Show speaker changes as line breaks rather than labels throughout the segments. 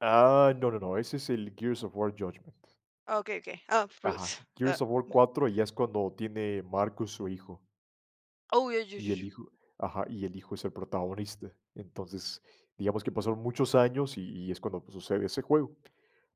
Ah, no, no, no, ese es el Gears of War Judgment.
Ah, okey, okey. Ah
Ajá,
[unintelligible] Ah
Gears of War 4, y ya es cuando tiene Marcus, su hijo.
Oh, ya, ya, ya,
Y el
ya.
hijo ajá, y el hijo es el protagonista. Entonces, digamos que pasaron muchos años y y es cuando pues, sucede ese juego.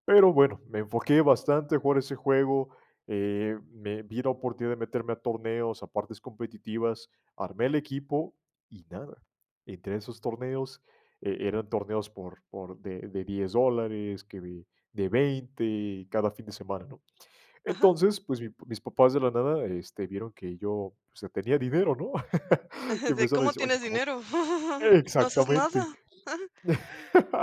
Pero bueno, me enfoqué bastante jugar ese juego, eh, me vi la oportunidad de meterme a torneos, a partes competitivas, armé el equipo y nada. Entre esos torneos e eran torneos por por de de $10 dólares, que de de $20 cada fin de semana, ¿no?
Ajá.
Entonces, pues, mi mis papás de la nada, este, vieron que yo, o sea, tenía dinero, ¿no? Que
O sea,
empezaron a
¿Cómo
decir: “Oye,
tienes
cómo”,
dinero? No haces
exactamente.
nada.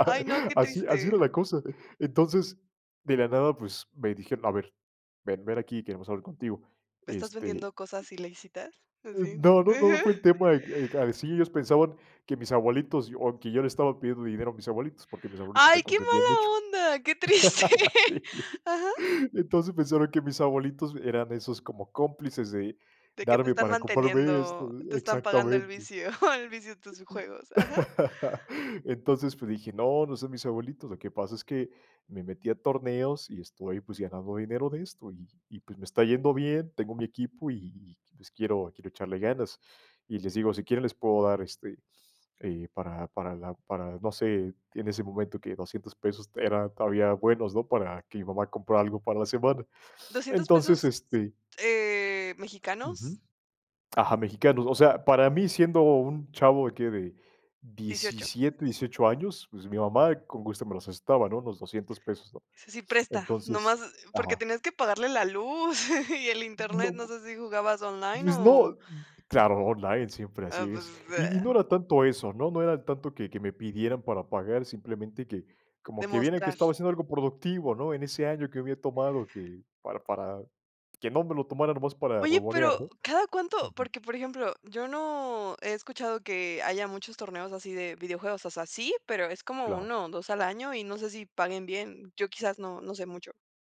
Ay, no, qué
Así así era
triste.
la cosa. Entonces, de la nada, pues me dijeron: “A ver, ven, ven aquí, queremos hablar contigo”.
¿Estás
Este
vendiendo cosas ilícitas?
eh,
¿Así?
no, no, no fue el tema, de que que así, ellos pensaban que mis abuelitos o, que yo le estaba pidiendo dinero a mis abuelitos, porque mis abuelitos
Ay,
me
qué
consentían
mala
mucho.
onda, qué triste.
Sí
¿Ajá?
Entonces, pensaron que mis abuelitos eran esos como cómplices de
¿De qué te
darme
están
para comprarme esto
manteniendo? Te están pagando el
Exactamente.
vicio, El vicio de tus juegos.
Y
Ajá.
entonces, pues, dije: “No, no son mis abuelitos. Lo que pasa es que me metí a torneos, y estoy, pues, ganando dinero de esto y y, pues, me está yendo bien, tengo mi equipo y y y, pues, quiero quiero echarle ganas”. Y les digo: “Si quieren les puedo dar, este, eh, para para la para, no sé", en ese momento que $200 pesos era todavía buenos, ¿no?, para que mi mamá comprara algo para la semana.
$200
Entonces,
pesos,
este
eh,
Ujú.
¿mexicanos?
Ajá, mexicanos. O sea, para mí siendo un chavo de qué, de
¿18?
17, 18 años, pues, mi mamá con gusto me los prestaba, ¿no? Los $200 pesos, ¿no?
Ese sí presta,
Entonces
nomás porque
ajá.
tenías que pagarle la luz y el Internet,
No
no sé si jugabas
y
online
es
o
no claro, online, siempre así
Ah,
es. Y y
pues,
no era tanto eso, ¿no? No era tanto que que me pidieran para pagar, simplemente que, como que vieran que
Demostrar.
estaba haciendo algo productivo, ¿no? En ese año que había tomado que para para que no me lo tomara nomás para
Oye,
huevonear,
pero,
¿no?
¿cada cuánto?
Ujú.
Porque, por ejemplo, yo no he escuchado que haya muchos torneos así de videojuegos. O sea, sí, pero es como
Claro.
1, o, 2 al año, y no sé si paguen bien. Yo quizás no no sé mucho.